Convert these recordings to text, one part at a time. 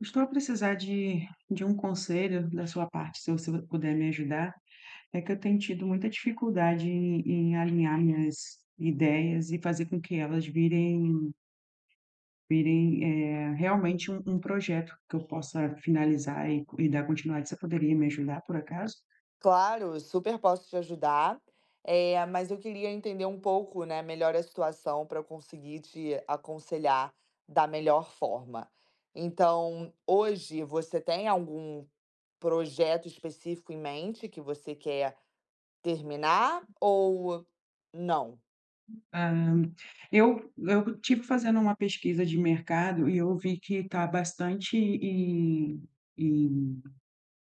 Estou a precisar de de um conselho da sua parte, se você puder me ajudar, é que eu tenho tido muita dificuldade em em alinhar minhas ideias e fazer com que elas virem virem, eh, realmente um um projeto que eu possa finalizar e e dar continua você poderia me ajudar, por acaso? Claro, super posso te ajudar. Eh, mas eu queria entender um pouco, né, melhor a situação pra eu conseguir te aconselhar da melhor forma. Então, hoje você tem algum projeto específico em mente que você quer terminar ou não? Hã, eu eu estive fazendo uma pesquisa de mercado e eu vi que tá bastante e e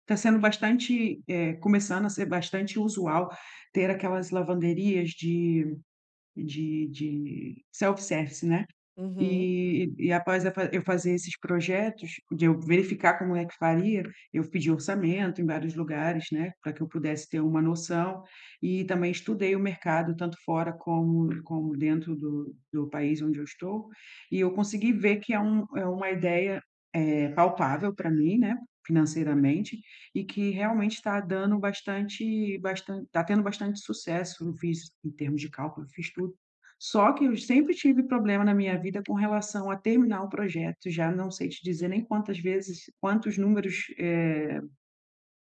tá sendo bastante eh, começando a ser bastante usual, ter aquelas lavanderias de de de self-service, né. Uhum. E e após a f eu fazer esses projetos de eu verificar como é que faria, eu pedi orçamento em vários lugares, né, pra que eu pudesse ter uma noção, e também estudei o mercado, tanto fora, como como dentro do do país onde eu estou. E eu consegui ver que é um é uma ideia, eh, palpável pra mim, né, financeiramente. E que realmente tá dando bastante bastan tá tendo bastante sucesso fiz, em termos de cálculo, fiz tudo. Só que eu sempre tive problema na minha vida com relação a terminar o projeto e já não sei te dizer nem quantas vezes quantos números eh,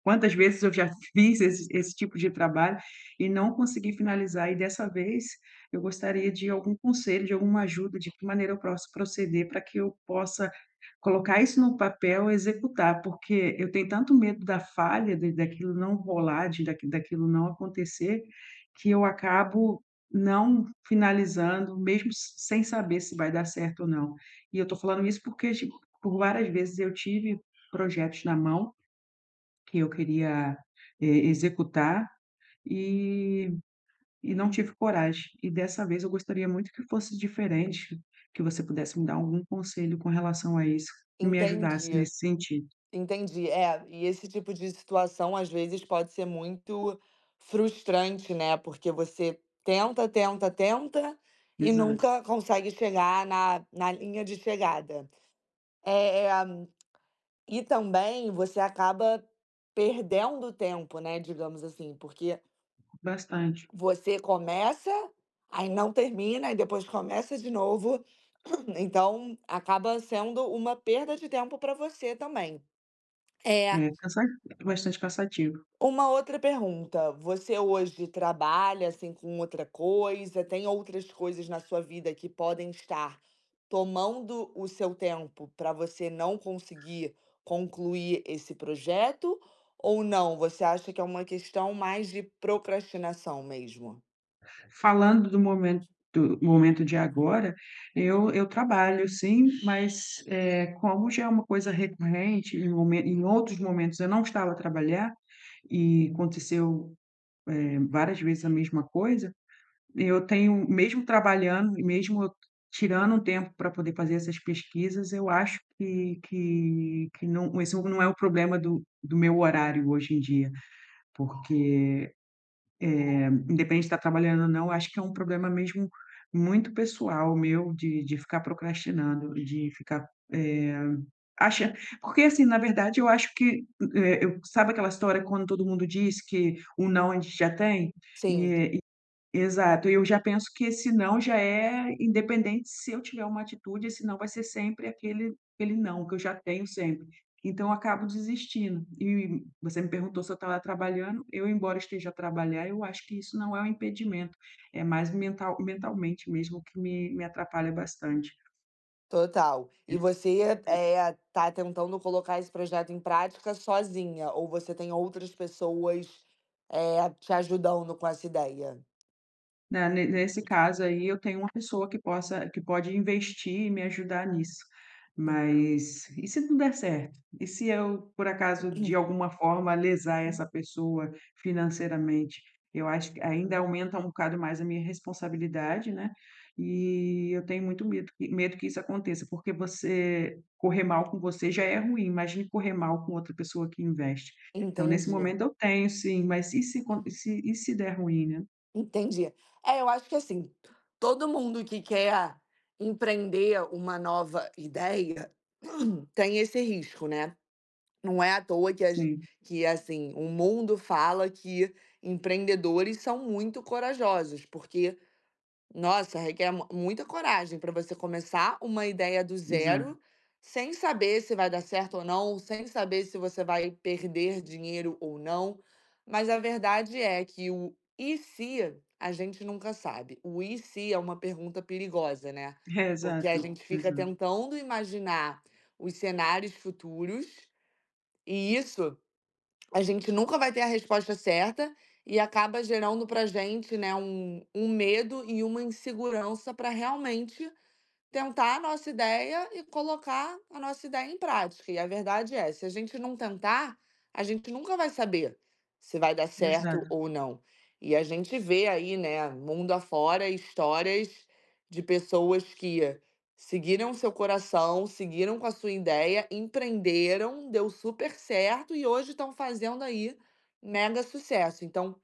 quantas vezes eu já fiz esse esse tipo de trabalho e não consegui finalizar. E dessa vez eu gostaria de algum conselho, de alguma ajuda, de que maneira eu pros proceder pra que eu possa colocar isso no papel e executar. Porque eu tenho tanto medo da falha, de daquilo não rolar, de daqui daquilo não acontecer, que eu acabo não finalizando, mesmo sem saber se vai dar certo ou não. E eu tô falando isso, porque por várias vezes eu tive projetos na mão que eu queria e executar, e e não tive coragem. E dessa vez eu gostaria muito que fosse diferente, que você pudesse me dar algum conselho com relação a isso, que me ajudasse Entendi, nesse sentido. entendi. É, e esse tipo de situação, às vezes pode ser muito frustrante, né, porque você tenta, tenta, tenta e Exato. nunca consegue chegar na na linha de chegada. Eh, e também você acaba perdendo tempo, né, digamos assim, porque Bastante. você começa, aí não termina, e depois começa de novo, então acaba sendo uma perda de tempo pra você também. É É. cansa bastante cansativo Uma outra pergunta: você hoje trabalha, assim, com outra coisa? Tem outras coisas na sua vida que podem estar tomando o seu tempo pra você não conseguir concluir esse projeto? Ou não, você acha que é uma questão mais de procrastinação mesmo? Falando do momento momento de agora, eu eu trabalho, sim. Mas, eh, como já é uma coisa recorrente, em momen em outros momentos eu não estava a trabalhar e aconteceu, eh, várias vezes a mesma coisa. Eu tenho, mesmo trabalhando e mesmo tirando um tempo pra poder fazer essas pesquisas, eu acho que que que não esse não é o problema do do meu horário hoje em dia, porque, eh, independente de tá trabalhando ou não, acho que é um problema mesmo muito pessoal meu de de ficar procrastinando, de ficar, eh, acha porque, assim, na verdade, eu acho que eh, sabe aquela história quando todo mundo diz que um não a gente já tem? Sim. E e, exato. Eu já penso que esse não já é, independente se eu tiver uma atitude, esse não vai ser sempre aquele aquele não que eu já tenho sempre. Então acabo desistindo. E você me perguntou se eu estava trabalhando. Eu, embora esteja a trabalhar, eu acho que isso não é um impedimento, é mais mental mentalmente mesmo que me me atrapalha bastante. Total. E você, eh, tá tentando colocar esse projeto em prática sozinha ou você tem outras pessoas, eh, te ajudando com essa ideia? Na ne nesse caso aí eu tenho uma pessoa que possa que pode investir e me ajudar nisso. Entendi. Mas e se não der certo? E se eu, por acaso, de alguma forma lesar essa pessoa financeiramente? Eu acho que ainda aumenta um bocado mais a minha responsabilidade, né. E eu tenho muito medo que medo que isso aconteça, porque você correr mal com você já é ruim, imagine correr mal com outra pessoa que investe. Então nesse Entendi. momento eu tenho sim, mas e se co e se e se der ruim, né. Entendi. É, eu acho que, assim, todo mundo que quer empreender uma nova ideia tem esse risco, né. Não é à toa que as Sim. que, assim, o mundo fala que empreendedores são muito corajosos, porque, nossa, requer m muita coragem pra você começar uma ideia do [unintelligible] zero, sem saber se vai dar certo ou não, sem saber se você vai perder dinheiro ou não. Mas a verdade é que o "e se?" a gente nunca sabe. O "e se?" é uma pergunta perigosa, né, porque a Exato, gente fica exa tentando imaginar os cenários futuros, e isso a gente nunca vai ter a resposta certa, e acaba gerando pra gente, né, um um medo e uma insegurança pra realmente tentar a nossa ideia e colocar a nossa ideia em prática. E a verdade é se a gente não tentar, a gente nunca vai saber se vai dar Exa certo ou não. E a gente vê aí, né, mundo afora, histórias de pessoas que seguiram o seu coração, seguiram com a sua ideia, empreenderam, deu super certo e hoje estão fazendo aí mega sucesso. Então,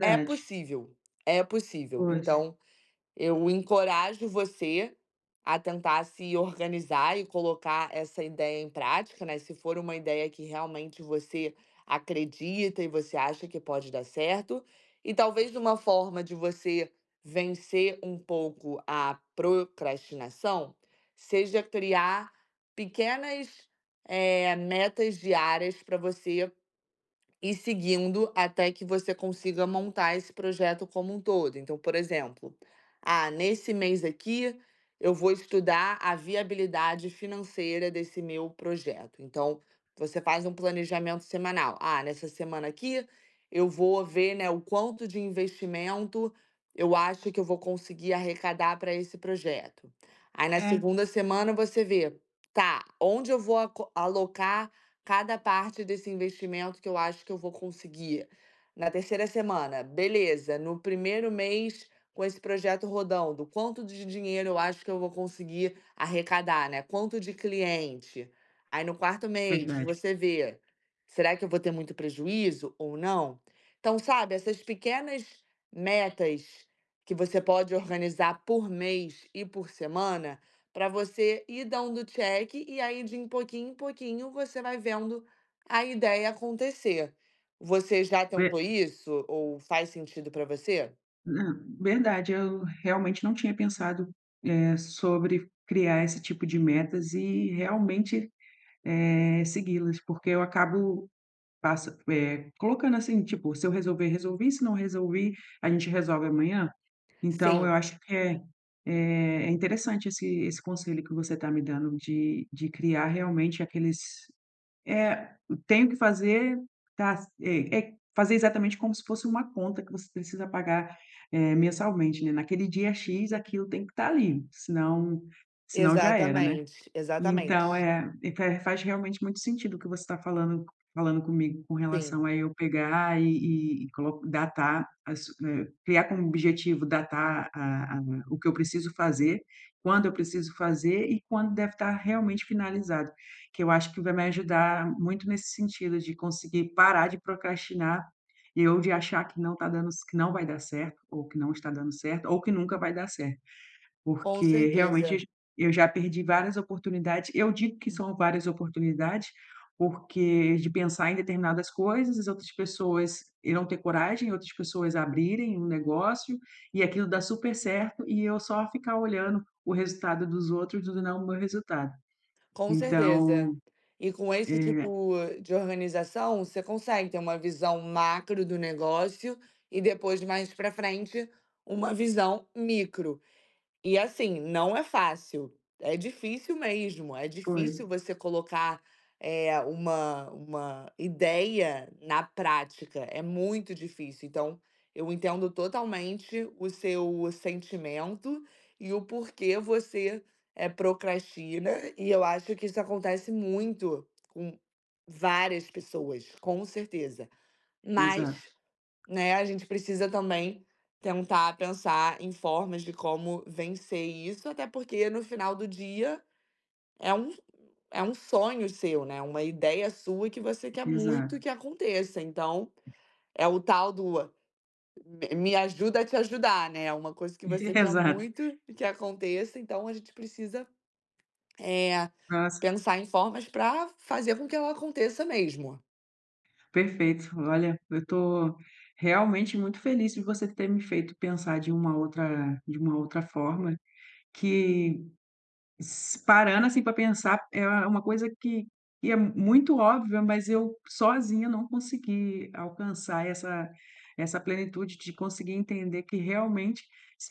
é possível, é possível. Pois. Então, eu encorajo você a tentar se organizar e colocar essa ideia em prática, né, se for uma ideia em que realmente você acredita e você acha que pode dar certo. E talvez uma forma de você vencer um pouco a procrastinação seja criar pequenas, eh, metas diárias pra você ir seguindo até que você consiga montar esse projeto como um todo. Então, por exemplo: "Ah, nesse mês aqui eu vou estudar a viabilidade financeira desse meu projeto". Então, você faz um planejamento semanal. "Ah, nessa semana aqui eu vou ver, né, o quanto de investimento eu acho que eu vou conseguir arrecadar pra esse projeto". Aí, na É. 2ª semana, você vê: "Tá, onde eu vou ac alocar cada parte desse investimento que eu acho que eu vou conseguir?". Na 3ª semana: "Beleza, no primeiro mês com esse projeto rodando, quanto de dinheiro eu acho que eu vou conseguir arrecadar, né, quanto de cliente?". Aí, no 4º mês, Verdade. você vê: "Será que eu vou ter muito prejuízo ou não?". Então, sabe essas pequenas metas que você pode organizar por mês e por semana, pra você ir dando check, e aí, de pouquinho em pouquinho, você vai vendo a ideia acontecer. Você já tentou [unintelligible] isso ou faz sentido para você? Ah, verdade eu realmente não tinha pensado, eh, sobre criar esse tipo de metas e realmente, eh, segui-las porque eu acabo passa pé, colocando assim tipo: "Se eu resolver, resolvi, se não resolvi, a gente resolve amanhã". Então, eu Sim. acho que é, eh, interessante esse esse conselho que você tá me dando de de criar realmente aqueles: "Eh, tenho que fazer". Tá, sei, eh, fazer exatamente como se fosse uma conta que você precisa pagar, eh, mensalmente, né, naquele dia X aquilo tem que tá ali, senão senão já era, né. Exatamente, exatamente. Então, é e fé faz realmente muito sentido o que você tá falando falando comigo com relação Sim. a eu pegar e e e coloco datar as eh, criar como objetivo, datar a a o que eu preciso fazer, quando eu preciso fazer e quando deve tá realmente finalizado, que eu acho que vai me ajudar muito nesse sentido de conseguir parar de procrastinar e ou de achar que não tá dando ce que não vai dar certo, ou que não está dando certo, ou que nunca vai dar certo. Com Porque realmente eu certeza. j eu já perdi várias oportunidades eu digo que Hum. são várias oportunidades, porque de pensar em determinadas coisas, as outras pessoas irão ter coragem e outras pessoas abrirem um negócio e aquilo dá super certo e eu só ficar olhando o resultado dos outros e não o meu resultado, Com certeza então, e com esse é tipo de organização, você consegue ter uma visão macro do negócio e depois mais para frente, uma visão micro. E assim, não é fácil, é difícil mesmo, é Pois. difícil você colocar, eh, uma uma ideia na prática, é muito difícil, então, eu entendo totalmente o seu sentimento e o porquê você, eh, procastina e eu acho que isso acontece muito com várias pessoas, com certeza, mas, Exato. né, a gente precisa também tentar pensar em formas de como vencer isso, até porque no final do dia, é um é um sonho seu, né, uma ideia sua e que você quer muito Exato. que aconteça, então, é o tal do: "Me me ajuda a te ajudar". Né, é uma coisa que você quer Exato. muito e que aconteça, então, a gente precisa, eh, Nossa. pensar em formas pra fazer com que ela aconteça mesmo. Perfeito. Olha, eu estou realmente muito feliz de você ter me feito pensar de uma outra de uma outra forma, que s parando, assim, para pensar é é uma coisa que que é muito óbvia, mas eu sozinha não consegui alcançar essa essa plenitude de conseguir entender que realmente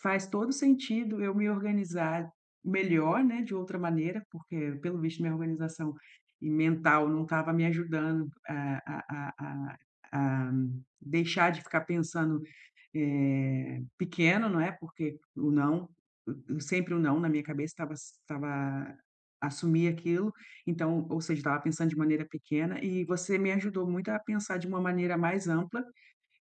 faz todo o sentido eu me organizar melhor, né, de outra maneira, porque pelo visto minha organização e mental não estava me ajudando a a a a a deixar de ficar pensando, eh, pequeno, não é, porque o não e e sempre o não na minha cabeça estava estava assumir aquilo, então, ou seja estava pensando de maneira pequena e você me ajudou muito a pensar de uma maneira mais ampla,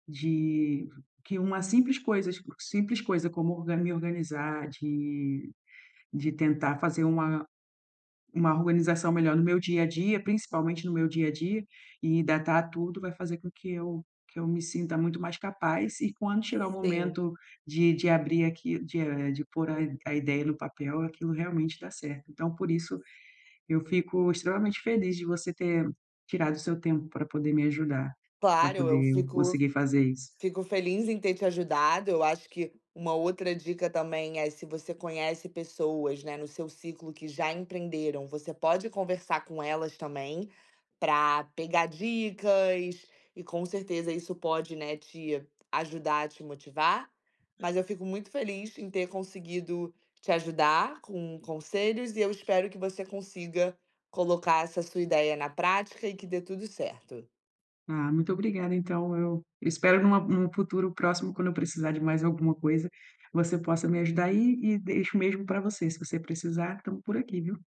de que uma simples coisas simples coisa como orga me organizar, de de tentar fazer uma uma organização melhor no meu dia a dia, principalmente no meu dia a dia, e datar tudo vai fazer com que eu que eu me sinta muito mais capaz e quando chegar o Sim. momento de de abrir aqui, de eh, de pôr a i a ideia no papel, aquilo realmente dá certo. Então por isso, eu fico extremamente feliz de você ter tirado o seu tempo para poder me ajudar, para Claro, eu poder fico conseguir fazer isso. fico feliz em ter te ajudado, eu acho que uma outra dica também, é se você conhece pessoas, né, no seu ciclo que já empreenderam, você pode conversar com elas também, pra pegar dicas, e com certeza isso pode, né, te ajudar a te motivar. Mas eu fico muito feliz em ter conseguido te ajudar com conselhos e eu espero que você consiga colocar essa sua ideia na prática e que dê tudo certo. Ah, muito obrigada. Então eu espero em uma em um futuro próximo quando eu precisar de mais alguma coisa, você possa me ajudar aí e e deixo mesmo para você, você precisar estamos por aqui, viu.